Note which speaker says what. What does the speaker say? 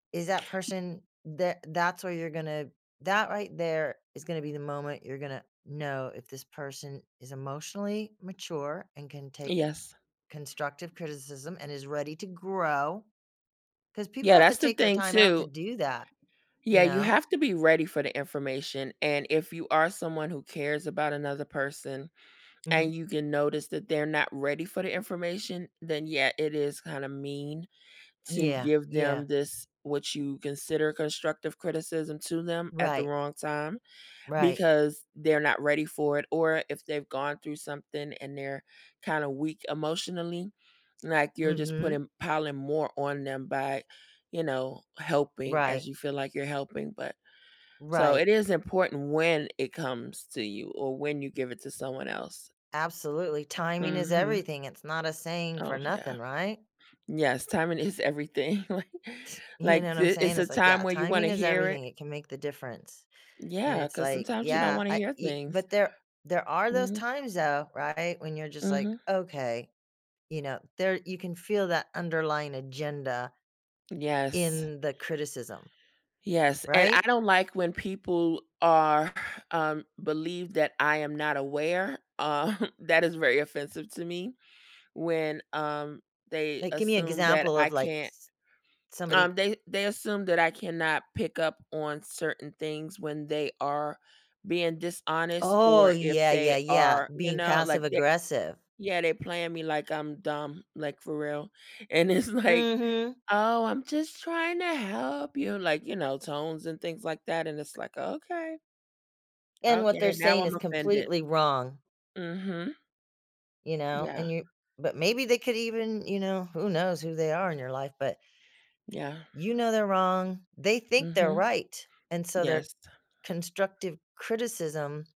Speaker 1: Is that
Speaker 2: Y
Speaker 1: person tha that's where you're gonna that right there, is gonna be the moment you're gonna know if this person is emotionally mature, and can take
Speaker 2: Yes.
Speaker 1: constructive criticism, and is ready to grow, 'cause people
Speaker 2: Yeah,
Speaker 1: have to
Speaker 2: that's the
Speaker 1: take their
Speaker 2: thing,
Speaker 1: time out to
Speaker 2: too
Speaker 1: do that, you
Speaker 2: Yeah, you
Speaker 1: know?
Speaker 2: have to be ready for the information, and if you are someone who cares about another person,
Speaker 1: Mhm.
Speaker 2: and you can notice that they're not ready for the information, then yeah, it is kinda mean to
Speaker 1: Yeah,
Speaker 2: give
Speaker 1: yeah.
Speaker 2: them this what you consider constructive criticism to them, at the
Speaker 1: Right.
Speaker 2: wrong time,
Speaker 1: Right.
Speaker 2: because they're not ready for it, or if they've gone through something, and they're kinda weak emotionally, like, you're just
Speaker 1: Mhm.
Speaker 2: putting piling more on them by, you know, helping,
Speaker 1: Right.
Speaker 2: as you feel like you're helping, but so, it
Speaker 1: Right.
Speaker 2: is important when it comes to you, or when you give it to someone else.
Speaker 1: Absolutely. Timing is
Speaker 2: Mhm.
Speaker 1: everything, it's not a saying for
Speaker 2: Oh, yeah.
Speaker 1: nothing, right?
Speaker 2: Yes, timing is everything, like
Speaker 1: You know
Speaker 2: like,
Speaker 1: what I'm
Speaker 2: th it's
Speaker 1: saying?
Speaker 2: a
Speaker 1: It's like,
Speaker 2: time
Speaker 1: "Yeah,
Speaker 2: where you wanna
Speaker 1: timing is
Speaker 2: hear it
Speaker 1: everything, it can make the difference," and
Speaker 2: Yeah,
Speaker 1: it's
Speaker 2: 'cause
Speaker 1: like,
Speaker 2: sometimes you don't
Speaker 1: "Yeah,
Speaker 2: wanna
Speaker 1: I
Speaker 2: hear
Speaker 1: e"
Speaker 2: things.
Speaker 1: but there there are those
Speaker 2: Mhm.
Speaker 1: times, though, right, when you're just like,
Speaker 2: Mhm.
Speaker 1: "Okay," you know, there you can feel that underlying agenda
Speaker 2: Yes.
Speaker 1: ...in the criticism.
Speaker 2: Yes, and I
Speaker 1: Right?
Speaker 2: don't like when people are um, believe that I am not aware, um, that is very offensive to me. When, um, they
Speaker 1: Like, give me an
Speaker 2: assume that
Speaker 1: example
Speaker 2: I
Speaker 1: of, like,
Speaker 2: can't
Speaker 1: s somebody
Speaker 2: um, they they assume that I cannot pick up on certain things when they are being dishonest,
Speaker 1: Oh,
Speaker 2: or if
Speaker 1: yeah,
Speaker 2: they
Speaker 1: yeah, yeah,
Speaker 2: are, you
Speaker 1: being
Speaker 2: know, like
Speaker 1: passive
Speaker 2: they
Speaker 1: aggressive.
Speaker 2: yeah, they playing me like I'm dumb, like, for real, and it's like,
Speaker 1: Mhm.
Speaker 2: "Oh, I'm just trying to help you," like, you know, tones, and things like that, and it's like, "Okay."
Speaker 1: And what they're
Speaker 2: Okay, now
Speaker 1: saying
Speaker 2: I'm
Speaker 1: is
Speaker 2: offended.
Speaker 1: completely wrong
Speaker 2: Mhm.
Speaker 1: you know,
Speaker 2: Yeah.
Speaker 1: and you but maybe they could even, you know who knows who they are in your life, but
Speaker 2: Yeah.
Speaker 1: you know they're wrong, they think they're
Speaker 2: Mhm.
Speaker 1: right, and so their
Speaker 2: Yes.
Speaker 1: constructive criticism